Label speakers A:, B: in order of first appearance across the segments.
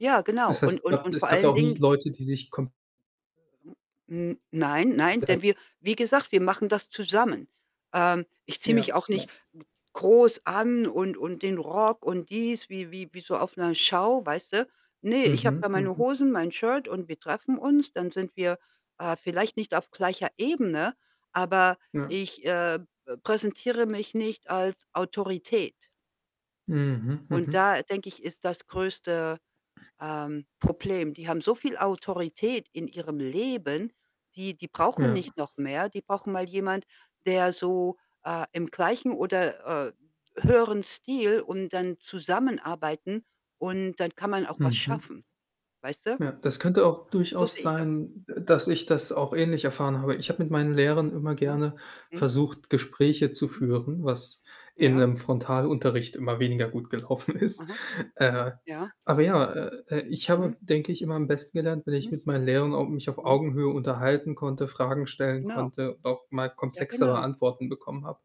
A: Ja, genau.
B: Es
A: Und
B: heißt,
A: und
B: gab
A: und
B: es
A: vor
B: gab da
A: allen
B: auch nie
A: Dingen [unintelligible]
B: Leute, die sich kom
A: hm, nein, nein,
B: [unintelligible]
A: denn wir wie gesagt, wir machen das zusammen. Ähm, ich ziehe mich
B: Ja,
A: auch
B: ja.
A: nicht g groß an und und den Rock und dies, wie wie wie so auf Show, weißt du? Ne, ich habe
B: Mhm,
A: da meine
B: mhm.
A: Hosen, mein Shirt und wir treffen uns. Dann sind wir, äh vielleicht nicht auf gleicher Ebene, aber
B: Ja.
A: ich, äh, be präsentiere mich nicht als Autorität.
B: Mhm,
A: Und
B: mhm.
A: da, denke ich, ist das größte, ähm, Problem. Die haben so viel Autorität in ihrem Leben, die die brauchen
B: Ja.
A: nicht noch mehr. Die brauchen mal jemand, der so, äh, im gleichen oder, äh, höheren Stil und dann zusammenarbeiten und dann kann man auch was
B: Mhm.
A: schaffen, weißt du?
B: Ja, das könnte auch
A: So
B: durchaus
A: sehe ich das.
B: sein, d dass ich das auch ähnlich erfahren habe. Ich habe mit meinen Lehrern immer
A: Ja?
B: gerne
A: Mhm.
B: versucht, Gespräche zu
A: Hm.
B: führen, was in
A: Ja.
B: 'nem Frontalunterricht immer weniger gut gelaufen ist.
A: Aha,
B: Äh,
A: ja.
B: aber ja, äh, äh, ich habe,
A: Mhm.
B: denke ich, immer am besten gelernt, wenn ich
A: Mhm.
B: mit meinen Lehrern au mich auf
A: Mhm.
B: Augenhöhe unterhalten konnte, Fragen stellen
A: Genau.
B: konnte und auch mal
A: Ja,
B: komplexere
A: genau.
B: Antworten bekommen habe.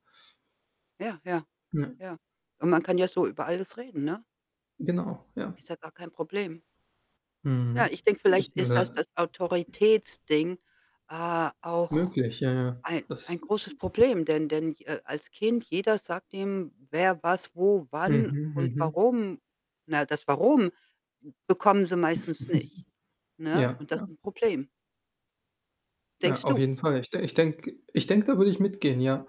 A: Ja, ja,
B: Ja.
A: ja, und man kann ja so über alles reden, ne?
B: Genau, ja.
A: Ist ja gar kein Problem. Ja,
B: Mhm.
A: ich denke, vielleicht
B: Ich bin
A: ist das
B: da
A: das Autoritätsding, äh, auch
B: Möglich, ja, ja.
A: ei
B: Das
A: ein großes Problem, denn denn ich äh, als Kind, jeder sagt dem, wer, was, wo, wann
B: Mhm,
A: und
B: mhm.
A: warum. Na, das „Warum?“, bekommen sie meistens nicht, ne,
B: Ja,
A: und das
B: ja.
A: ist 'n Problem.
B: Ja,
A: Denkst
B: auf
A: du?
B: jeden Fall. Ich de ich denke ich denke, da würde ich mitgehen, ja,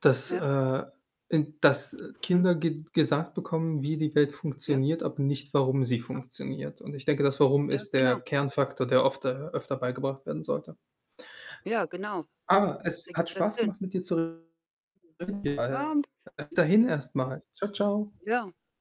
B: dass
A: Ja.
B: äh, i dass
A: Mhm.
B: Kinder ge gesagt bekommen, wie die Welt
A: Ja.
B: funktioniert, aber nicht, warum sie
A: Aha.
B: funktioniert und ich denke, das: „Warum?“
A: Ja,
B: ist der
A: genau.
B: Kernfaktor, der ofter öfter beigebracht werden sollte.
A: Ja, genau.
B: Ah,
A: Das
B: es hat
A: ergibt dann
B: Spaß
A: Sinn.
B: gemacht, mit dir zu Reden
A: [unintelligible]
B: [unintelligible]
A: Ja.
B: bis dahin erst mal. Tschau, tschau.
A: Ja.